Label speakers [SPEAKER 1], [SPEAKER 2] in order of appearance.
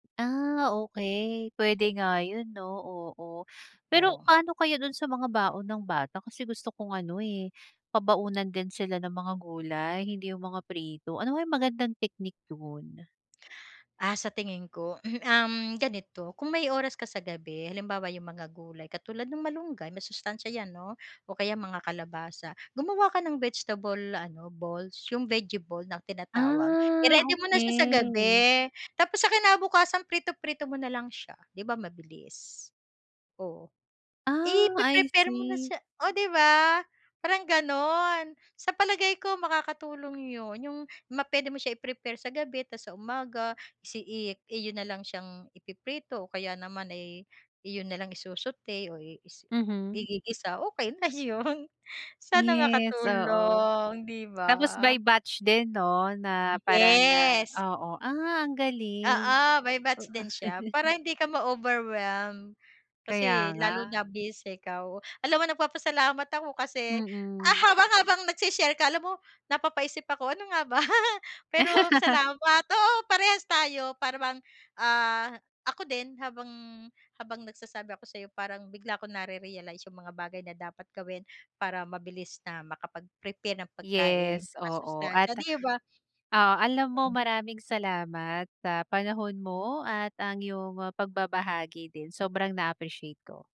[SPEAKER 1] Ah, okey. Puwede nga 'yun 'no, oo. Pero
[SPEAKER 2] Ooh.
[SPEAKER 1] pa'no kaya doon sa mga baon ng bata? Kasi gusto kong ano eh, pabaunan din sila ng mga gulay, hindi yung mga prito. Ano kayang magandang technique do'n?
[SPEAKER 2] Ah, sa tingin ko, um, ganito, kung may oras ka sa gabi halimbawa, 'yung mga gulay, katulad ng malunggay, masustansiya 'yan, 'no, o kaya mga kalabasa. Gumawa ka ng vegetable ano, balls, 'yung vegie ball na tinatawag.
[SPEAKER 1] Ah,
[SPEAKER 2] I-ready mo na siya sa
[SPEAKER 1] okey.
[SPEAKER 2] gabi, tapos sa kinabukasan, prito-prito mo na lang siya, 'di ba mabilis. Oo. I
[SPEAKER 1] Ah, I
[SPEAKER 2] pre-prepare mo na
[SPEAKER 1] see.
[SPEAKER 2] siya oh, 'di ba, parang ganon. Sa palagay ko, makakatulong 'yun, 'yung ma puwede mo siya i-prepare sa gabi, tapos sa umaga isi i iyo na lang siyang ipiprito, o kaya naman ay, iyon na lang isu-sauté o
[SPEAKER 1] Mhm.
[SPEAKER 2] is-igigisa, okey na 'yun. Sana
[SPEAKER 1] Yes, oo.
[SPEAKER 2] makatulong, 'di ba.
[SPEAKER 1] Tapos by batch din 'no, na parang,
[SPEAKER 2] Yes.
[SPEAKER 1] ah oo, ah, ang galing.
[SPEAKER 2] Oo, by batch din siya, para hindi ka ma-overwhelm. Kasi
[SPEAKER 1] Kaya nga.
[SPEAKER 2] lalo na busy ikaw. Alam mo nagpapasalamat ako kasi, ah,
[SPEAKER 1] Mm.
[SPEAKER 2] haba habang nag-se-share ka, alam mo napapaisip ako, ano nga ba? Pero salamat, oo, parehas tayo, para bang, ah, ako din, habang habang nagsasabi ako sa'yo, parang bigla ko nare-realize 'yung mga bagay na dapat gawin para mabilis na makapag-prepare ng pagkain
[SPEAKER 1] Yes,
[SPEAKER 2] na
[SPEAKER 1] oo, at,
[SPEAKER 2] masustansiya, 'di ba.
[SPEAKER 1] oo, alam mo maraming salamat sa panahon mo at ang 'yong pagbabahagi din. Sobrang na-appreciate ko.